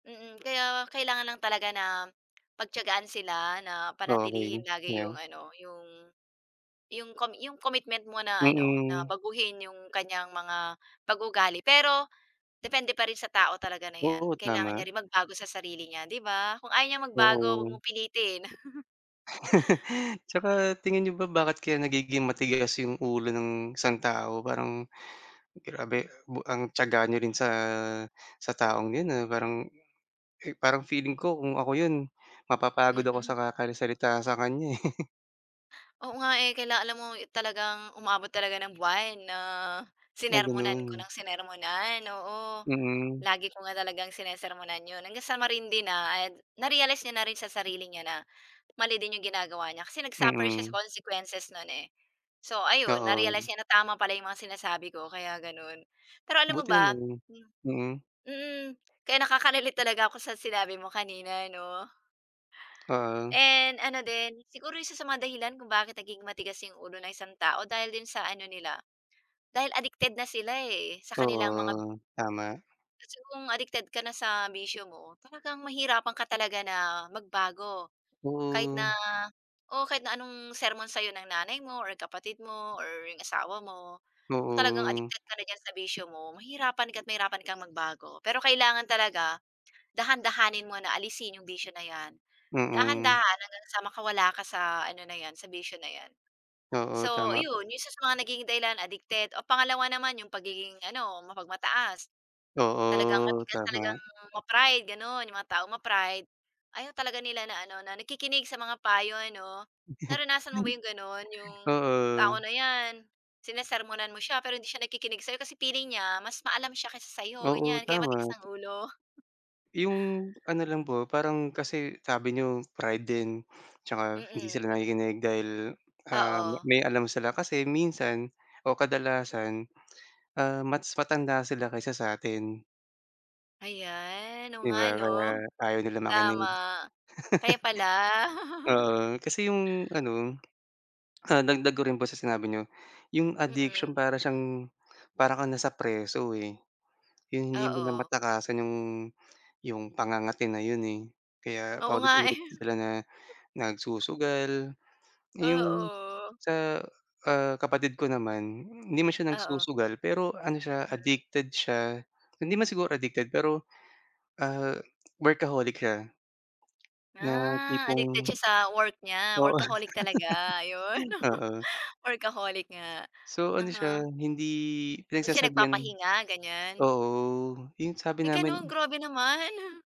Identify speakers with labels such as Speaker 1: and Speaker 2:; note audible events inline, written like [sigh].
Speaker 1: Mm, kaya kailangan lang talaga na pagtiyagaan sila, na
Speaker 2: Okey,
Speaker 1: panatilihin lagi
Speaker 2: yeah.
Speaker 1: yung ano yung, yung com commitment mo na ano na
Speaker 2: Mm.
Speaker 1: baguhin yung kanyang mga pag-uugali. Pero, depende pa rin sa tao talaga na 'yan,
Speaker 2: Oo,
Speaker 1: kailangan niya
Speaker 2: tama.
Speaker 1: rin magbago sa sarili niya 'di ba? Kung ayaw niyang magbago huwag
Speaker 2: Oo.
Speaker 1: mong pilitin. [chuckles]
Speaker 2: [laughs] 'Tsaka tingin n'yo ba bakit kaya nagiging matigas 'yong ulo ng isang tao? Parang grabe, ba ang tiyaga n'yo rin sa, sa taong 'yon, ah, parang, parang feeling ko kung ako yun mapapagod ako sa
Speaker 1: Mm.
Speaker 2: kakari salita sa kanya, eh.
Speaker 1: Oo nga, eh, kaila alam mo talagang umabot talaga ng buwan na
Speaker 2: Ah,
Speaker 1: sinermonan ko
Speaker 2: gano'n?
Speaker 1: nang sinermonan. Oo,
Speaker 2: Mm.
Speaker 1: lagi ko nga talagang sinesermonan 'yon hanggang sa marindi na, and na-realize niya na rin sa sarili niya na mali din yung ginagawa niya kasi nag-suffer siya sa
Speaker 2: Mm.
Speaker 1: consequences 'non, eh. So, ayun na-realize
Speaker 2: Oo.
Speaker 1: niya na tama pala yung mga sinasabi ko, kaya gano'n. Pero alam mo
Speaker 2: Buti
Speaker 1: ba?
Speaker 2: naman,
Speaker 1: Hmm,
Speaker 2: mm.
Speaker 1: mm, kaya nakaka-relate talaga ako sa sinabi mo kanina 'no.
Speaker 2: Ah.
Speaker 1: And ano din, siguro isa sa mga dahilan kung bakit nagiging matigas yung ulo ng isang tao dahil din sa ano nila, dahil addicted na sila, eh, sa kanilang mga
Speaker 2: Oo, tama.
Speaker 1: kasi kung addicted ka na sa bisyo mo, talagang mahihirapan ka talaga na magbago. Kahit na
Speaker 2: Oo.
Speaker 1: oo, kahit na anong sermon sa'yo ng nanay mo or kapatid mo or yung asawa mo, kung talagang
Speaker 2: Oo.
Speaker 1: addicted ka na diyan sa bisyo mo mahihirapan ka at mahirapan kang magbago. Pero kailangan talaga dahan-dahanin mo na alisin yung bisyo na yan,
Speaker 2: Mm.
Speaker 1: dahan-dahan hanggang sa makawala ka sa ano na yan sa bisyo na yan.
Speaker 2: Oo,
Speaker 1: So,
Speaker 2: tama.
Speaker 1: iyon yung isa sa mga nagiging dahilan addicted o pangalawa naman yung pagiging ano mapagmataas. Talagang
Speaker 2: Oo,
Speaker 1: matigas talagang
Speaker 2: tama.
Speaker 1: ma-pride gano'n yung mga taong ma-pride ayaw talaga nila na ano na nakikinig sa mga payo 'no.
Speaker 2: [chuckles]
Speaker 1: Naranasan mo ba 'yong gano'n? 'Yong tao
Speaker 2: Oo.
Speaker 1: na 'yan sinesermonan mo siya pero hindi siya nagkikinig sa'yo, kasi feeling niya mas maalam siya kaysa sa 'yo
Speaker 2: Oo,
Speaker 1: ganyan kaya matigas
Speaker 2: tama.
Speaker 1: ang ulo.
Speaker 2: Yung ano lang po, parang kasi sabi n'yo pride din at tsaka hindi
Speaker 1: Mm,
Speaker 2: sila
Speaker 1: mm.
Speaker 2: nakikinig dahil, ah,
Speaker 1: Oo.
Speaker 2: may alam sila kasi minsan o kadalasan, ah, mas matanda sila kaysa sa atin.
Speaker 1: Ayan, oo
Speaker 2: 'Di
Speaker 1: nga
Speaker 2: ba,
Speaker 1: 'no,
Speaker 2: kaya ayaw nila makinig.
Speaker 1: tama
Speaker 2: [laughs]
Speaker 1: kaya pala. [chuckles]
Speaker 2: Oo, kasi yung ano, ah, dagdag ko rin po sa sinabi n'yo. Yung addiction,
Speaker 1: Mm.
Speaker 2: para siyang para kang nasa preso, eh, yung hindi mo na
Speaker 1: Oo.
Speaker 2: matakasan yung, yung pangangati na yun, eh, kaya
Speaker 1: Oo nga, eh.
Speaker 2: paulit-ulit sila na nagsusugal. Yung
Speaker 1: Oo.
Speaker 2: sa, ah, kapatid ko naman hindi man siya
Speaker 1: Oo.
Speaker 2: nagsusugal pero ano siya
Speaker 1: Mm.
Speaker 2: addicted siya, hindi man siguro addicted pero, ah, workaholic siya. Na
Speaker 1: Ah, addicted
Speaker 2: tipong
Speaker 1: siya sa work niya,
Speaker 2: Oo,
Speaker 1: workaholic talaga, yun [laughs]
Speaker 2: oo.
Speaker 1: workaholic nga,
Speaker 2: So, ano siya
Speaker 1: aha.
Speaker 2: hindi
Speaker 1: Hindi siya
Speaker 2: pinagsasabihan.
Speaker 1: nagpapahinga ganyan.
Speaker 2: Oo yung sabi
Speaker 1: May gano'n?
Speaker 2: namin
Speaker 1: Grabe naman. [chuckles]